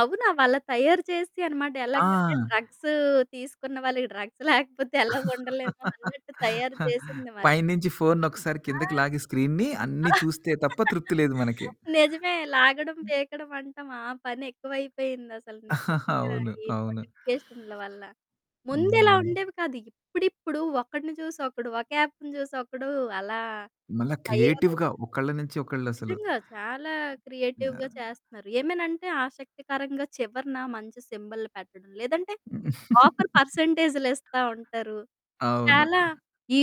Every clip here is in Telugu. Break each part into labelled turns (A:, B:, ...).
A: అవునా! అవ్వలా తయారు చేసేసాయి అనమాట. ఎలాగంటే
B: ఆ!
A: డ్రగ్స్ తీసుకున్న వాళ్ళకి డ్రగ్స్ లేకపోతే ఎలా ఉండలేమో అన్నట్టు తయారు చేసింది మరి.
B: పై నుంచి ఫోన్నొకసారి కిందకి
A: ఆ!
B: లాగి స్క్రీన్‌ని, అన్ని చూస్తే తప్ప తృప్తి లేదు మనకి.
A: నిజమే లాగడం, పీకడం అంటాం ఆ పని ఎక్కువైపోయిందసల నిజంగా
B: అవును.
A: ఈ
B: అవును.
A: నోటిఫికేషన్ల వల్ల. ముందిలా
B: హుహు.
A: ఉండేవి కాదు. ఇప్పుడిప్పుడు ఒకడిని చూసి, ఒకడు ఒక యాప్‌ని చూసి ఒకడు అలా
B: మల్లా
A: తయారయ్
B: క్రియేటివ్‌గా ఒకళ్ళ నుంచి ఒకళ్లసలు.
A: నిజంగా. చాలా క్రియేటివ్‌గా
B: [unintelligible]
A: చేస్తన్నారు. ఏమనంటే ఆసక్తికరంగా చివరన మంచి సింబల్లు పెట్టడం. లేదంటే, ఆఫర్ పర్సెంటేజ్‌లిస్తా ఉంటారు.
B: అవును.
A: చాలా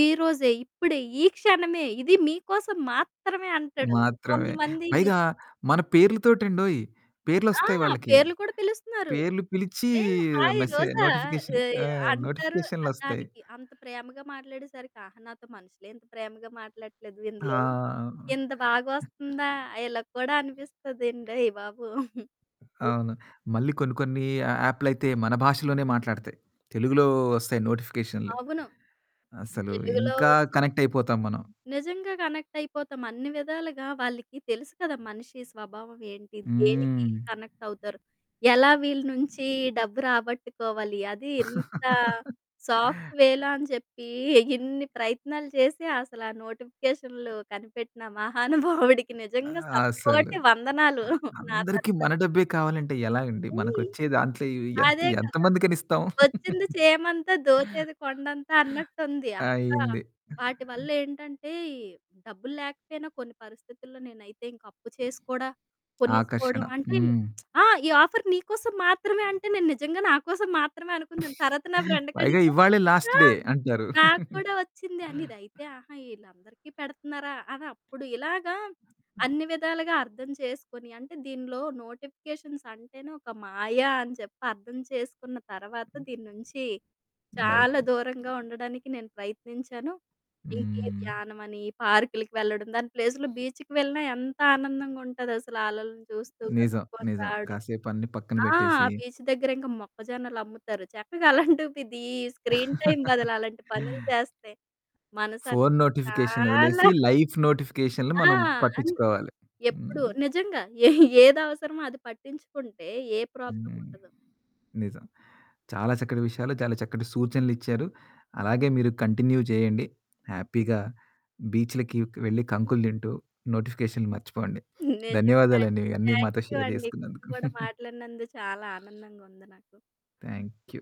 A: "ఈరోజే, ఇప్పుడే, ఈ క్షణమే ఇది మీకోసం మాత్రమే" అంటాడు.
B: మాత్రమే.
A: కొంతమంది ని
B: పైగా మన పేర్లుతోటండోయి.
A: ఆ!
B: పేర్లొస్తాయి వాళ్ళకి.
A: పేర్లు కూడా పిలుస్తున్నారు.
B: పేర్లు పిలిచి
A: ఏ హాయి
B: మెసే
A: రోజా
B: నోటిఫికేషన్
A: ఎయ్
B: ఆ!
A: అంటారు. అద్
B: నోటిఫికేషన్లొస్తాయి.
A: దానికి అంత ప్రేమగా మాట్లాడేసరికి, ఆహా! నాతో మనుషులే ఇంత ప్రేమగా మాట్లాడట్లేదు, ఇందులో
B: ఆ!
A: ఇంత బాగొస్తుందా, ఇలా కూడా అనిపిస్తుందండోయి బాబు.
B: అవును. మళ్ళీ కొన్ని, కొన్ని ఆ యాపులైతే మన భాషలోనే మాట్లాడతాయి. తెలుగులో వస్తాయి నోటిఫికేషన్లు.
A: అవును.
B: అసలు
A: తెలుగులో
B: ఇంకా
A: వచ్చి
B: కనెక్ట్ అయిపోతాం మనం.
A: నిజంగా కనెక్ట్ అయిపోతాం. అన్ని విధాలుగా వాళ్ళకి తెలుసు కదా మనిషి స్వభావం ఏంటి, దేనికి ఈళ్ళు
B: హ్మ్.
A: కనెక్ట్ అవుతారు. ఎలా వీళ్ళ నుంచి డబ్బు రాబట్టుకోవాలి, అది ఇంత సాఫ్ట్ వే‌లో అని చెప్పి, ఇన్ని ప్రయత్నాలు చేసి అసల ఆ నోటిఫికేషన్లు కనిపెట్టిన మహానుభావుడికి
B: ఆ!
A: నిజంగా శత
B: అసలు.
A: కోటి వందనాలు
B: ఆ!
A: నా
B: అందరికి
A: తరుపుని.
B: మన డబ్బే కావాలంటే ఎలాగండి?
A: హ్మ్.
B: మనకొచ్చే దాంట్లో ఇవి ఎంత,
A: అదే
B: ఎంత
A: కదా!
B: మందికని ఇస్తాము.
A: వచ్చింది చీమంతా, దోచేది కొండంతా అన్నట్టుంది. ఇంకా
B: అయింది.
A: వాటివల్లేంటంటే, డబ్బులు లేకపోయినా కొన్ని పరిస్థితుల్లో నేనైతే ఇంక అప్పు చేసి కూడా
B: ఆకర్షణ.
A: కొనేసుకోవడం, అంటే
B: హ్మ్.
A: ఆ! "ఈ ఆఫర్ నీకోసం మాత్రమే" అంటే నేను నిజంగా నాకోసం మాత్రమే అనుకున్నాను. తర్వాత నా ఫ్రెండ్‌కి
B: పైగా
A: అడిగితే,
B: ఇవాళే లాస్ట్
A: "ఆ!
B: డే. అంటారు.
A: నాకు కూడా వచ్చింది," అనీది, అయితే "ఆహా! ఈళ్ళందరికీ పెడుతున్నారా," అని అప్పుడు ఇలాగా
B: ఆ!
A: అన్ని విధాలుగా అర్థం చేసుకొని, అంటే దీనిలో నోటిఫికేషన్స్ అంటేనే ఒక మాయ అని చెప్పి అర్థం చేసుకున్న తర్వాత,
B: హ్మ్.
A: దీని నుంచి చాలా
B: బయట.
A: దూరంగా ఉండడానికి నేను ప్రయత్నించాను. ఇంకే
B: హ్మ్.
A: ధ్యానమని, పార్కులకి వెళ్లడం దాని ప్లేస్‌లో బీచ్‌కి వెళ్ళినా ఎంత ఆనందంగా ఉంటాదసల ఆ అలలని చూస్తూ
B: నిజం.
A: గడుపుకొని
B: నిజం
A: రావడం.
B: కాసేపు అన్ని పక్కన
A: ఆ! ఆ
B: పెట్టేసి
A: బీచ్ దగ్గర ఇంక మొక్కజొన్నలమ్ముతారు చక్కగా అలాంటిది, ఈ స్క్రీన్ టైమ్ బదులు అలాంటి పనులు చేస్తే మనసు అనేది
B: ఫోను నోటిఫికేషన్లొదిలేసి,
A: చాలా
B: లైఫ్ నోటిఫికేషన్లని
A: ఆ!
B: మనం
A: అంతే.
B: పట్టిచ్చుకోవాలి. హ్మ్.
A: ఎప్పుడు నిజంగా ఏ ఏదవసరమో అది పట్టించుకుంటే, ఏ
B: హ్మ్.
A: ప్రాబ్లముండదు.
B: నిజం. చాలా చక్కటి విషయాలు, చాలా చక్కటి సూచనలిచ్చారు. అలాగే మీరు కంటిన్యూ చేయండి. హ్యాపీగా బీచులకి వెళ్లి
A: హుహు.
B: కంకులు తింటూ, నోటిఫికేషన్లు మర్చిపోండి.
A: నిజంగా
B: ధన్యవాదాలండి.
A: అండి.
B: ఇవన్నీ
A: థ్యాంక్
B: మాతో
A: యూ
B: షేర్
A: అండి.
B: జేసుకున్నందుకు.
A: మీరు కూడా మాట్లాడినందుకు చాలా ఆనందంగా ఉంది నాకు.
B: Thank you.